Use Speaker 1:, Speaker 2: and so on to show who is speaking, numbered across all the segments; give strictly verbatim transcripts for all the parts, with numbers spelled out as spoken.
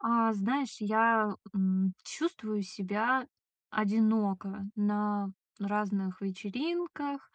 Speaker 1: А, знаешь, я, м, чувствую себя одиноко на разных вечеринках,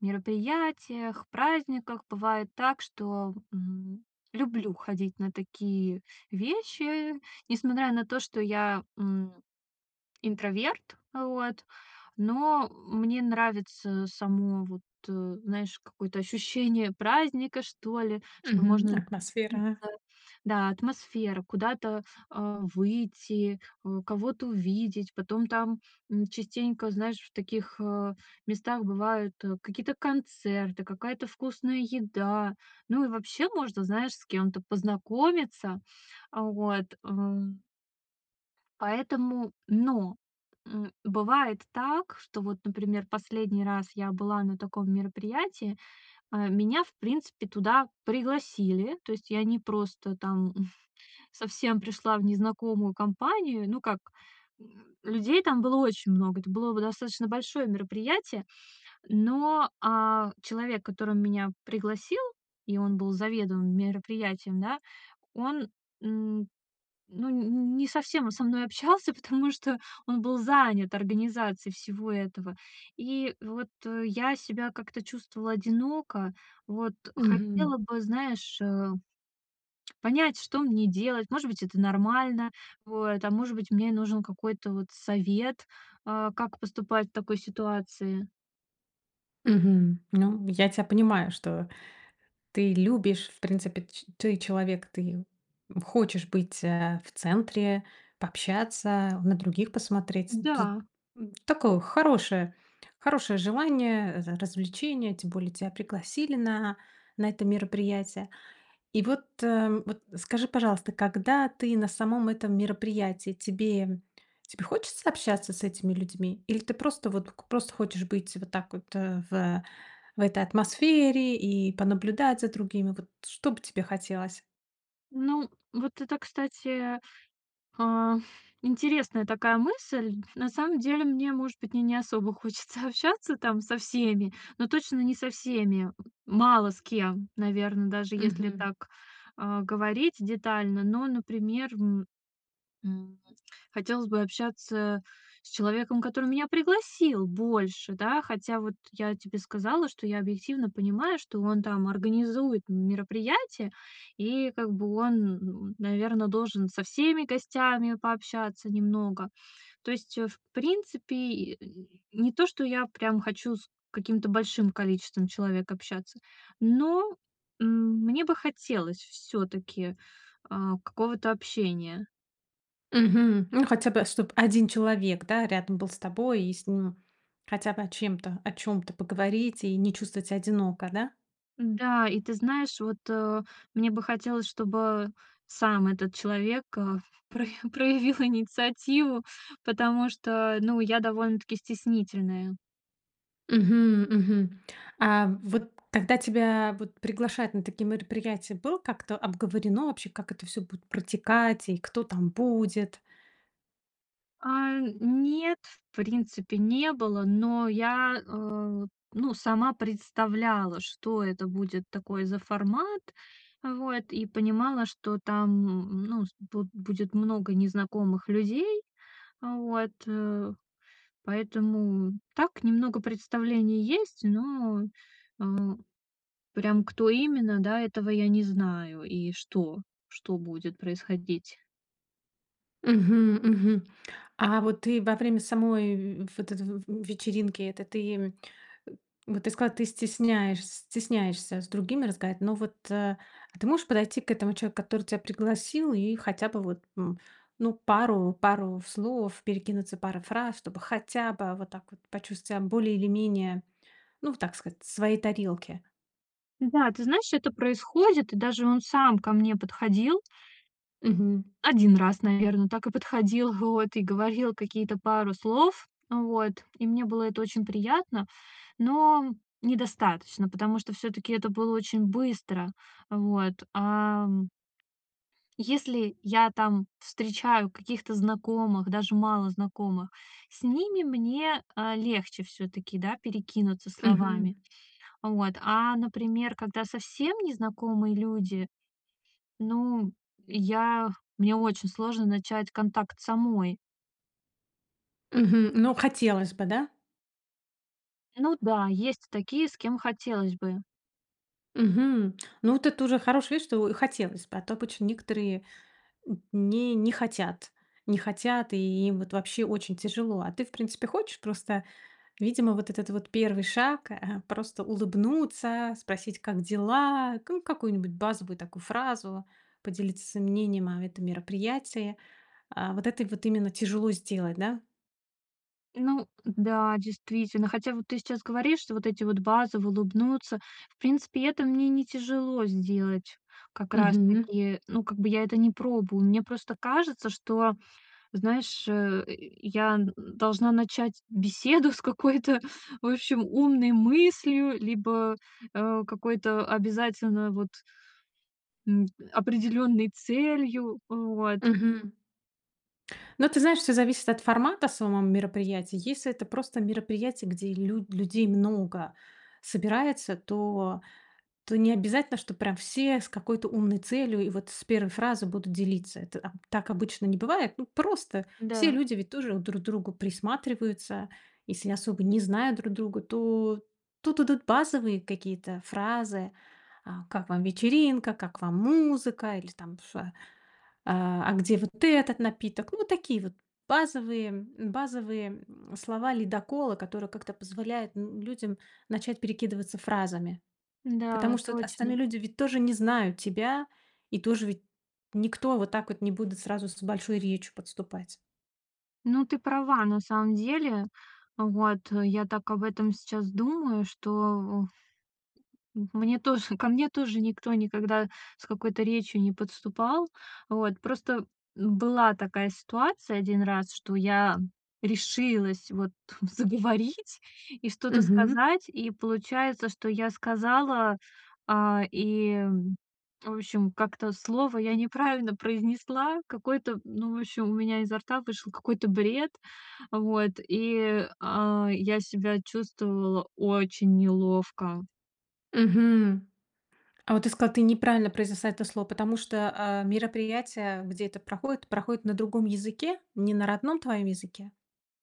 Speaker 1: мероприятиях, праздниках. Бывает так, что, м, люблю ходить на такие вещи, несмотря на то, что я, м, интроверт. А, вот. Но мне нравится само вот, э, знаешь, какое-то ощущение праздника, что ли, что
Speaker 2: Мгм,
Speaker 1: можно [unintelligible]
Speaker 2: атмосфера.
Speaker 1: иться Да, атмосфера, куда-то, а, выйти, о, кого-то увидеть. Потом там, м, частенько, знаешь, в таких, а, местах бывают, э, какие-то концерты, какая-то вкусная еда. Ну, и вообще можно, знаешь, с кем-то познакомиться. А, вот, ам. Поэтому Но! М Бывает так, что вот, например, последний раз я была на таком мероприятии. А, меня, в принципе, туда пригласили. То есть я не просто там, м ф совсем пришла в незнакомую компанию. Ну, как, м людей там было очень много, это было во достаточно большое мероприятие. Но, а, человек, который меня пригласил, и он был заведуемым мероприятием, да, он, м ну, нь не совсем он со мной общался, потому что он был занят организацией всего этого. И вот, э, я себя как-то чувствовала одиноко. Вот.
Speaker 2: Мгм.
Speaker 1: Хотела бы, знаешь, э, понять, что мне делать. Может быть, это нормально. Вот. А может быть, мне нужен какой-то вот совет, а, как поступать в такой ситуации.
Speaker 2: Мгм. Ну, я тя понимаю, что ты любишь, в принципе, ч ты человек, ты, м, хочешь быть, э, в центре, пообщаться, на других посмотреть. Тут
Speaker 1: Да.
Speaker 2: н такое хорошее, хорошее желание, э, р развлечений. Тем более тебя пригласили на на это мероприятие. И вот, э, вот скажи, пожалуйста, когда ты на самом этом мероприятии, тебе тебе хочется общаться с этими людьми, или ты просто вот п к просто хочешь быть вот так вот, э, в, э, в этой атмосфере и понаблюдать за другими? Вот что бы тебе хотелось?
Speaker 1: Ну, вот это, кстати, а, интересная такая мысль. На самом деле, мне, может быть, мне не особо хочется общаться там со всеми, но точно не со всеми. М, мало с кем, наверно, даже если
Speaker 2: Мгм.
Speaker 1: так, а, говорить детально, но, например, м, м, хотелось бы общаться с человеком, который меня пригласил больше, да? Хотя вот я тебе сказала, что я объективно понимаю, что он там организует мероприятие и как бы он, м, наверно, должен со всеми гостями пообщаться немного. То есть, э, в принципе и, э, не то что я прям хочу с каким-то большим количеством человек общаться, но, м, мне бы хотелось всё-таки, а, какого-то общения.
Speaker 2: Мгм, ну, хотя бы чтоб один человек, да, рядом был с тобой и с ним хотя бы о чем-то, о чём-то поговорить и не чувствовать ся одиноко, да?
Speaker 1: Н-да. И ты знаешь, вот, э, мне бы хотелось, чтобы сам этот человек, э, про проявил инициативу, потому что, ну, я довольно-таки стеснительная.
Speaker 2: Мгм, мгм, а вот когда тебя вот приглашают на такие мероприятия, было как-то обговорено вообще, как это всё будет протекать и кто там будет?
Speaker 1: А, нет, в принципе, не было, но я, э, ну, сама представляла, что это будет такой за формат, вот, и понимала, что там, ну с буд будет много незнакомых людей. А, вот, э. Поэтому так немного представление есть, но, а, прям кто именно, да, этого я не знаю. И что, что будет происходить.
Speaker 2: Мгм, мгм, а вот ты во время самой вь вот этой в вечеринки этой, ты им, э, вот ты сказала, ты стесняешь стесняешься с другими разговаривать? Но вот, а, а ты можешь подойти к этому человеку, который тя пригласил, и хотя бы вот, м, ну, пару пару слов, перекинуться парой фраз, чтобы хотя бы, а, вот так вот почувствовать ся более или менее, ну вот так сказать, в своей тарелке?
Speaker 1: Да, ты знаешь, это происходит. И даже он сам ко мне подходил
Speaker 2: Мгм.
Speaker 1: один раз, наверно, так и подходил, вот, и говорил какие-то пару слов. Вот. И мне было это очень приятно, но- недостаточно, потому что, всё-таки, это было очень быстро. Вот. Ам Если я там встречаю каких-то знакомых, даже малознакомых, с ними мне, э, легче всё-таки, да, перекинуться
Speaker 2: Мгм.
Speaker 1: словами. Вот. А, например, когда совсем незнакомые люди, ну, я мне очень сложно начать контакт самой.
Speaker 2: Мгм. Ну, хотелось бы, да?
Speaker 1: Ну да, есть такие, с кем хотелось бы.
Speaker 2: Мгм. Ну, вот это уже хорошая вещь, что хотелось бы, а то обычно некоторые не не хотят, не хотят не хотят, и им вот, вообще, очень тяжело. А ты, в принципе, хочешь? Просто, видимо, вот этот вот первый шаг, э, просто улыбнуться, спросить: "Как дела?" Ку какую-нибудь базовую такую фразу, поделиться своим мнением о этом мероприятии, э, вот это и вот именно тяжело сделать, да?
Speaker 1: Ну да, действительно. Хотя вот ты сейчас говоришь, что вот эти вот базовые "улыбнуться"- в принципе, это мне не тяжело сделать как раз
Speaker 2: Мгм.
Speaker 1: таки, ну, как бы я это не пробую. Мне просто кажется, что, знаешь, э, я н должна начать беседу с какой-то, в общем, умной мыслью либо, а, какой-то обязательно вот м, определенной целью. Э, вот.
Speaker 2: Мгм. Ну, ты знаешь, всё зависит от формата самом мероприятия. Если это просто мероприятие, где лю людей много собирается, то то не обязательно, чтоб прям все с какой-то умной целью и вот с первой фразы будут делиться. Это аб так обычно не бывает. Ну просто все
Speaker 1: Да.
Speaker 2: люди ведь тоже друг к другу присматриваются. Если особо не знают друг друга, то тут идут базовые какие-то фразы: "А как вам вечеринка? Как вам музыка? Или, там, ш а А а где вот этот напиток?" Ну, вот такие вот базовые базовые, м, слова-ледоколы, которые как-то позволяют, н людям начать перекидываться фразами.
Speaker 1: Н-да,
Speaker 2: Потому что от остальные
Speaker 1: точно.
Speaker 2: люди ведь тоже не знают тебя и тоже ведь никто вот так вот не будут сразу с большой речью подступать.
Speaker 1: Ну ты права, на самом деле. Вот, я так об этом сейчас думаю, что, о м мне тоже, ко мне тоже никто никогда с какой-то речью не подступал. Вот, просто, м, была такая ситуация один раз, что я решилась вот заговорить и что-то
Speaker 2: Мгм.
Speaker 1: сказать. И получается, что я сказала, а, и, в общем, как-то слово я неправильно произнесла какое-то. Ну, в общем, у меня изо рта вышел какой-то бред. Вот, и, а, я себя чувствовала очень неловко.
Speaker 2: Мгм. А вот ты сказала, ты неправильно произнесла это слово, потому что, э, мероприятие, где это проходит, проходит на другом языке, не на родном твоем языке?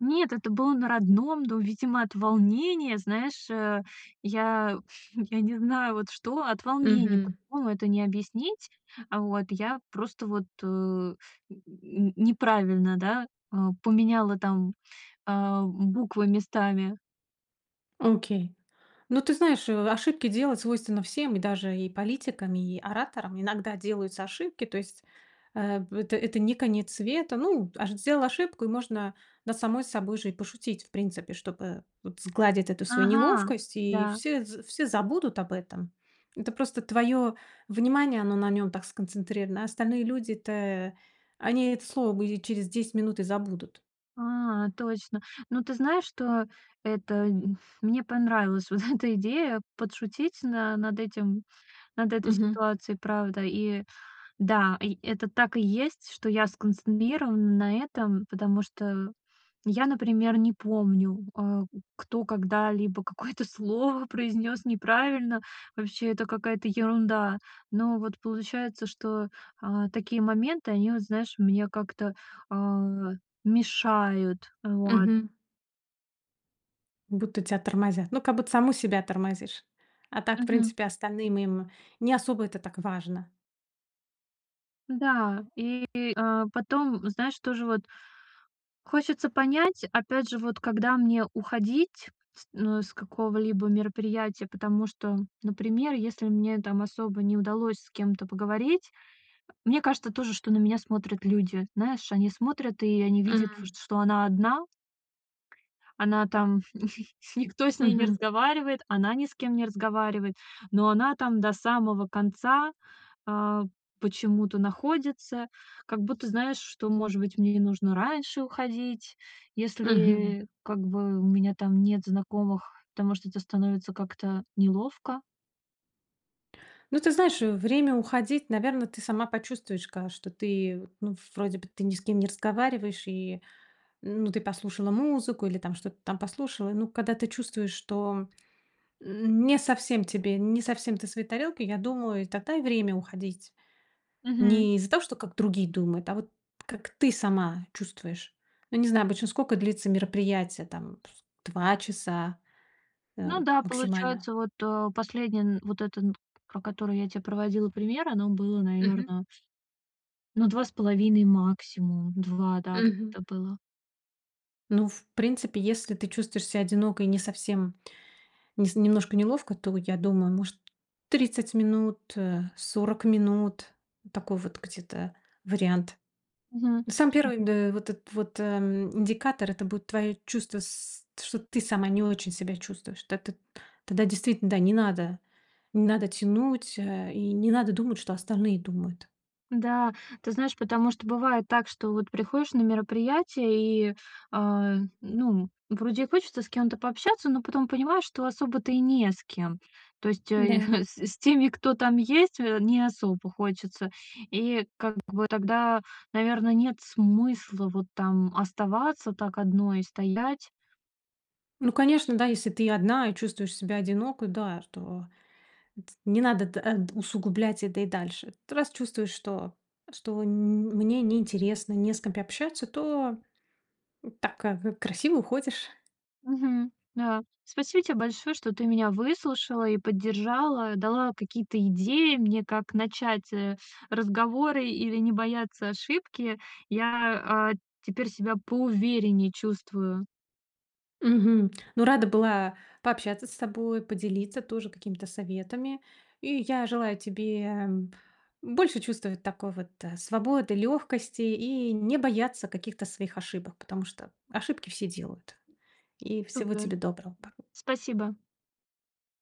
Speaker 1: Нет, это было на родном, но, видимо, от волнения, знаешь, э, я я не знаю вот что, от волнения,
Speaker 2: Мгм.
Speaker 1: по-другому это не объяснить. Вот я просто вот, э, н н неправильно, да, э, поменяла, там, а, буквы местами.
Speaker 2: Окей. Ну, ты знаешь, э, ошибки делать свойственно всем: и даже и политикам, и ораторам иногда делаются ошибки. То есть, э, п это это не конец света. Ну, ош сделал ошибку и можно над самой собой же и пошутить, в принципе, чтоб, э, вот сгладить эту свою
Speaker 1: Ага,
Speaker 2: неловкость. И
Speaker 1: да.
Speaker 2: все з все забудут об этом. Это просто твое внимание, оно на нём так сконцентрировано, а остальные люди-то, они это слово и через десять минут и забудут.
Speaker 1: А, точно. Ну ты знаешь, что это м мне понравилась вот эта идея: подшутить на над этим, над этой
Speaker 2: Мгм.
Speaker 1: ситуацией, правда. И да, и это так и есть, что я сконцентрирована на этом, потому что я, например, не помню, э, кто когда-либо какое-то слово произнес неправильно. Вообще это какая-то ерунда. Но вот получается, что, а, такие моменты, они, вот знаешь, мне как-то, а, мешают. Вот.
Speaker 2: Мгм. Будто тя тормозят, ну, как будто саму себя тормозишь. А так, в
Speaker 1: Мгм.
Speaker 2: принципе, остальным им не особо это так важно.
Speaker 1: Да. И, а, потом, знаешь, тоже вот хочется понять, опять же, вот когда мне уходить с ну, с какого-либо мероприятия. Потому что, например, если мне там особо не удалось с кем-то поговорить, мне кажется тоже, что на меня смотрят люди. Знаешь, они смотрят, и они видят, в
Speaker 2: М.
Speaker 1: что она одна. Она там, никто с ней не
Speaker 2: Мгм.
Speaker 1: разговаривает. Она ни с кем не разговаривает. Но она там до самого конца, а, почему-то находится, как будто, знаешь, что, может быть, мне не нужно раньше уходить,
Speaker 2: Мгм.
Speaker 1: если, как бы, у меня там нет знакомых, потому что это становится как-то неловко.
Speaker 2: Ну, ты знаешь, время уходить, наверно, ты сама почувствуешь, ка что ты, ну, вроде бы ты ни с кем не разговариваешь, и, ну, ты послушала музыку или, там, что-то там послушала. Ну, когда ты чувствуешь, что н не совсем тебе, не совсем ты своей тарелке, я думаю, и тогда и время уходить.
Speaker 1: Мгм.
Speaker 2: Не из-за того, что как другие думают, а вот как ты сама чувствуешь. Ну, не знаю, обычно скока длится мероприятие, там, с два часа, э,
Speaker 1: Ну да,
Speaker 2: максимально.
Speaker 1: получается, вот, э, последний н вот это н, про который я те проводила пример, оно было,
Speaker 2: Мгм.
Speaker 1: наверно Ну, два с половиной, максимум два, да,
Speaker 2: Мгм.
Speaker 1: где-то было.
Speaker 2: Ну, в принципе, если ты чувствуешь ся одиноко и не совсем, нес немножко неловко, то я думаю, может, тридцать минут, э, сорок минут- такой вот где-то вариант.
Speaker 1: Мгм,
Speaker 2: Ну, самый
Speaker 1: м.
Speaker 2: первый, д э, вот этот вот, эм, индикатор это будет твое чувство с что ты сама не очень себя чувствуешь. Тет эт Тогда действительно, да, не надо, не надо тянуть, э, и не надо думать, что остальные думают.
Speaker 1: Да. Ты знаешь, потому что бывает так, что вот приходишь на мероприятие и, а, ну, вроде и хочется с кем-то пообщаться, но потом понимаешь, что особо-то и не с кем. То есть, э, е
Speaker 2: Н-да.
Speaker 1: х с с теми, кто там есть, э, не особо хочется. И как бы тогда, наверно, нет смысла вот там оставаться так одной стоять.
Speaker 2: Ну конечно, да. Если ты одна и чувствуешь себя одиноко, да, то эт не надо, т э т усугублять это и дальше. Т раз чувствуешь, что что н мне неинтересно, не с кем пообщаться, то, м, так, э, в красиво уходишь.
Speaker 1: Мгм. Да. Спасибо тебе большое, что ты меня выслушала и поддержала, дала какие-то идеи мне, как начать, э, разговоры или не бояться ошибки. Я, а, теперь себя поувереннее чувствую.
Speaker 2: Мгм. Ну, рада была пообщаться с тобой, поделиться тоже какими-то советами. И я желаю тебе, м, больше чувствовать такой вот, а, свободы, лёгкости, и не бояться каких-то своих ошибок, потому что ошибки все делают. И всего
Speaker 1: Супер!
Speaker 2: тебе доброго, па
Speaker 1: Спасибо.